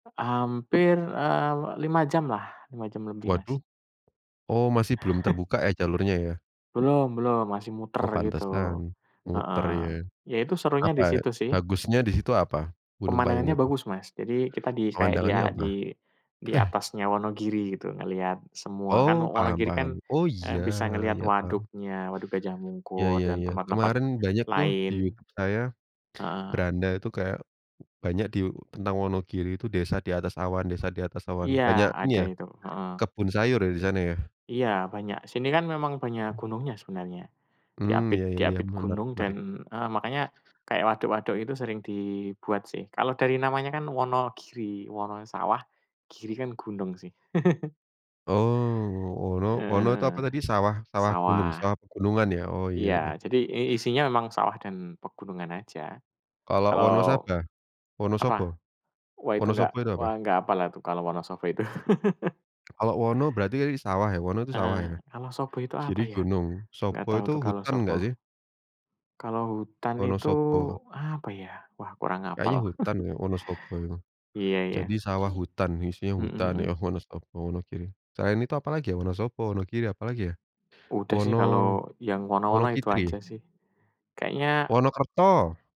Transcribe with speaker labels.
Speaker 1: Hampir, eee, 5 jamlah, 5 jam lebih, Mas.
Speaker 2: Waduh. Oh, masih belum terbuka ya jalurnya ya?
Speaker 1: Belum belum masih muter
Speaker 2: Oh,
Speaker 1: gitu.
Speaker 2: pantesan,
Speaker 1: Heeh.
Speaker 2: muter ya.
Speaker 1: Ya itu serunya
Speaker 2: Apa,
Speaker 1: di
Speaker 2: eee,
Speaker 1: situ sih.
Speaker 2: bagusnya di situ apa? Gunung Bayung
Speaker 1: Pemandangannya
Speaker 2: itu?
Speaker 1: bagus, Mas. Jadi kita di say
Speaker 2: Pemandangannya
Speaker 1: dia
Speaker 2: apa?
Speaker 1: di di
Speaker 2: Eh.
Speaker 1: atasnya Wonogiri gitu ngelihat semua. Kan
Speaker 2: Oh, paham
Speaker 1: Wonogiri kan,
Speaker 2: paham. Oh,
Speaker 1: eee, bisa
Speaker 2: iya
Speaker 1: ngelihat
Speaker 2: iya paham.
Speaker 1: waduknya, Waduk Gajah
Speaker 2: Ya
Speaker 1: Mungkur
Speaker 2: ya
Speaker 1: dan
Speaker 2: ya
Speaker 1: tempat tempat
Speaker 2: kemarin banyak tuh di
Speaker 1: lain.
Speaker 2: YouTube saya,
Speaker 1: Heeh.
Speaker 2: beranda tuh kayak banyak di u tentang Wonogiri itu, desa di atas awan desa di atas awan.
Speaker 1: Iya,
Speaker 2: Banyak ini
Speaker 1: ada
Speaker 2: ya,
Speaker 1: itu, heeh.
Speaker 2: kebun sayur ya di sana ya?
Speaker 1: Iya, banyak. Sini kan memang banyak gunungnya sebenarnya.
Speaker 2: Mmm,
Speaker 1: Diapit
Speaker 2: ya ya ya,
Speaker 1: diapit
Speaker 2: menarik
Speaker 1: gunung dan
Speaker 2: narik.
Speaker 1: heeh, makanya kayak waduk waduk itu sering dibuat sih. Kalau dari namanya kan Wonogiri, Wononya sawah, Giri kan gunung sih.
Speaker 2: Oh, wono
Speaker 1: Heeh
Speaker 2: wono itu
Speaker 1: heeh.
Speaker 2: apa tadi, sawah sawah gunung
Speaker 1: Sawah. Mhm.
Speaker 2: sawah pegunungan ya? Oh, iya
Speaker 1: Iya
Speaker 2: ya.
Speaker 1: jadi i isinya memang sawah dan pegunungan aja.
Speaker 2: Kalau
Speaker 1: Kalau
Speaker 2: Wonosaba?
Speaker 1: apa,
Speaker 2: Wonosobo?
Speaker 1: wah, itu enggak,
Speaker 2: Wonosobo itu apa?
Speaker 1: wah enggak apallah tuh kalau Wonosobo itu.
Speaker 2: Kalau Wono berarti tadi sawah ya? Wono tuh sawah
Speaker 1: Heeh,
Speaker 2: ya?
Speaker 1: kalau Sobo itu apa
Speaker 2: Giri
Speaker 1: ya,
Speaker 2: gunung,
Speaker 1: enggak
Speaker 2: Sobo
Speaker 1: tahu
Speaker 2: itu
Speaker 1: tuh kalau
Speaker 2: hutan nggak sih?
Speaker 1: Sobo. Kalau hutan itu,
Speaker 2: Wonosobo.
Speaker 1: apa ya, wah kurang
Speaker 2: Kayaknya
Speaker 1: hafal.
Speaker 2: hutan ya Wonosobo itu.
Speaker 1: Iya
Speaker 2: Jadi
Speaker 1: iya.
Speaker 2: sawah hutan, isinya
Speaker 1: Mhm
Speaker 2: hutan
Speaker 1: mhm.
Speaker 2: ya Wonosobo, Wonogiri. Selain itu apalagi ya Wonosobo, Wonogiri apalagi ya?
Speaker 1: Udah sih
Speaker 2: Wono,
Speaker 1: kalau yang wono wono itu
Speaker 2: Wonokitri?
Speaker 1: aja sih. Kayaknya
Speaker 2: Wonokerto!